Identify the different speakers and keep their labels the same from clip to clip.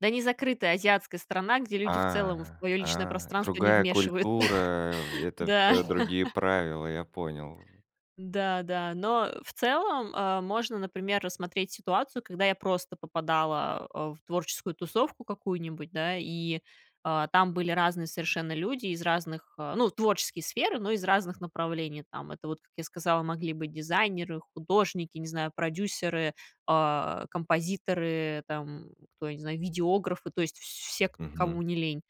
Speaker 1: Да не закрытая азиатская страна, где люди в целом в
Speaker 2: А,
Speaker 1: твоё личное
Speaker 2: а.
Speaker 1: пространство не
Speaker 2: Другая
Speaker 1: вмешиваются.
Speaker 2: культура, э, это
Speaker 1: Да.
Speaker 2: всё другие правила, я понял, в
Speaker 1: Да, да. Но, э, в целом, а, можно, например, рассмотреть ситуацию, когда я просто попадала, э, в творческую тусовку какую-нибудь, да, и, э, там были разные совершенно люди из разных, э, ну, творческие сферы, но из разных направлений. Там это вот, как я сказала, могли быть дизайнеры, художники, не знаю, продюсеры, э, композиторы, там, кто, я не знаю, видеографы, то есть вс все, к
Speaker 2: Мгм.
Speaker 1: кому не лень.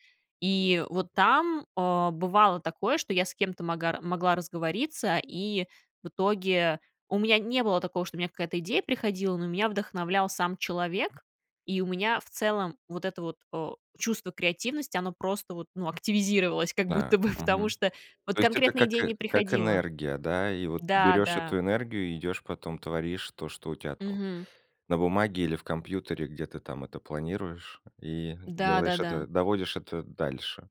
Speaker 1: И вот там, э, бывало такое, что я с кем-то магар могла разговориться, и в итоге у меня не было такого, что у меня какая-то идея приходила, но меня вдохновлял сам человек. И у меня в целом вот это вот, э, чувство креативности, оно просто вот, ну, активизировалось как
Speaker 2: Да,
Speaker 1: будто бы, потому
Speaker 2: мгм.
Speaker 1: что вот
Speaker 2: То есть это
Speaker 1: конкретные идеи
Speaker 2: как, э,
Speaker 1: не
Speaker 2: как
Speaker 1: приходило.
Speaker 2: энергия, да, и вот
Speaker 1: Да,
Speaker 2: берёшь
Speaker 1: да.
Speaker 2: эту энергию и идёшь потом, творишь то, что у тя там
Speaker 1: Мгм.
Speaker 2: на бумаге или в компьютере, где ты там это планируешь, и делаешь
Speaker 1: Да-да-да.
Speaker 2: это, доводишь это дальше.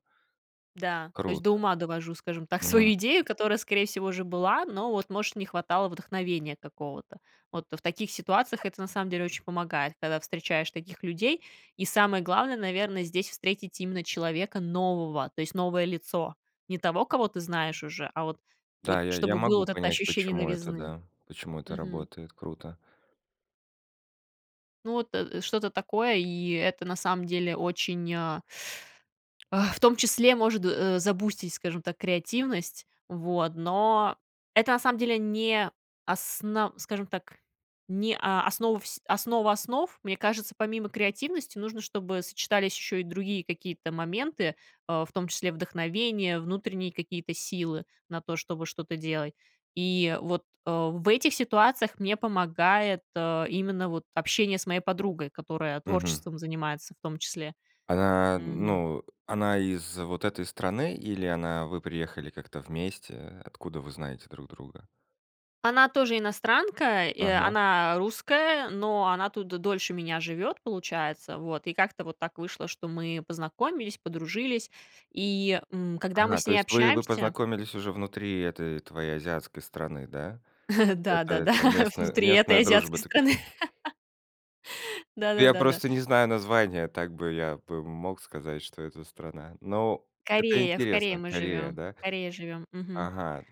Speaker 1: Да. То есть
Speaker 2: Круто.
Speaker 1: до ума довожу, скажем так,
Speaker 2: Мгм.
Speaker 1: свою идею, которая, скорее всего, уже была, но вот, может, не хватало вдохновения какого-то. Вот в таких ситуациях это на самом деле очень помогает, когда встречаешь таких людей, и самое главное, наверное, здесь встретить именно человека нового, то есть новое лицо. Не того, кого ты знаешь уже, а вот вот,
Speaker 2: Да, я я
Speaker 1: чтобы было
Speaker 2: могу
Speaker 1: вот это
Speaker 2: понять,
Speaker 1: ощущение
Speaker 2: почему это,
Speaker 1: новизны.
Speaker 2: да, почему это
Speaker 1: Мгм.
Speaker 2: работает. Круто.
Speaker 1: Ну вот, э э, что-то такое, и это на самом деле очень, а а, в том числе может, э, забустить, скажем так, креативность. Вот. Но это, на самом деле, не асна скажем так, не о основа всь основа основ. Мне кажется, помимо креативности, нужно, чтобы сочетались ещё и другие какие-то моменты, э, в том числе вдохновение, внутренние какие-то силы на то, чтобы что-то делать. И вот, э, в этих ситуациях мне помогает, э, именно вот общение с моей подругой, которая
Speaker 2: Мгм.
Speaker 1: творчеством занимается в том числе.
Speaker 2: Она,
Speaker 1: М.
Speaker 2: ну, она из вот этой страны или она вы приехали как-то вместе? Откуда вы знаете друг друга?
Speaker 1: Она тоже иностранка, и
Speaker 2: Ага.
Speaker 1: она, э, русская, но она тут д дольше меня живёт, получается. Вот, и как-то вот так вышло, что мы познакомились, подружились. И, м, когда мы
Speaker 2: Ага,
Speaker 1: с
Speaker 2: то
Speaker 1: ней
Speaker 2: есть вы вы
Speaker 1: общаемся
Speaker 2: познакомились уже внутри этой твоей азиатской страны, да? Это
Speaker 1: Да-да, да,
Speaker 2: это, местна
Speaker 1: внутри этой
Speaker 2: местная дружба
Speaker 1: азиатской
Speaker 2: такая.
Speaker 1: страны.
Speaker 2: Ну, я
Speaker 1: Да-да-да, да.
Speaker 2: просто не знаю названия, так бы я бы мог сказать, что это страна. Но это
Speaker 1: Корея, в Корее
Speaker 2: интересно.
Speaker 1: мы
Speaker 2: Корея,
Speaker 1: живём.
Speaker 2: да?
Speaker 1: В Корее живём. Мгм.
Speaker 2: Ага.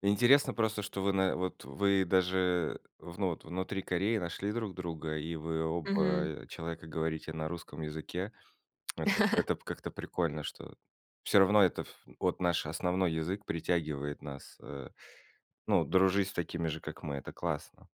Speaker 2: Интересно просто, что вы на вот э, вы даже вну вот внутри Кореи нашли друг друга, и вы оба,
Speaker 1: Мгм.
Speaker 2: э, человека говорите на русском языке. Это п это п как-то прикольно, что всё равно это ф от наш основной язык притягивает нас, э, ну, дружить с такими же, как мы, это классно.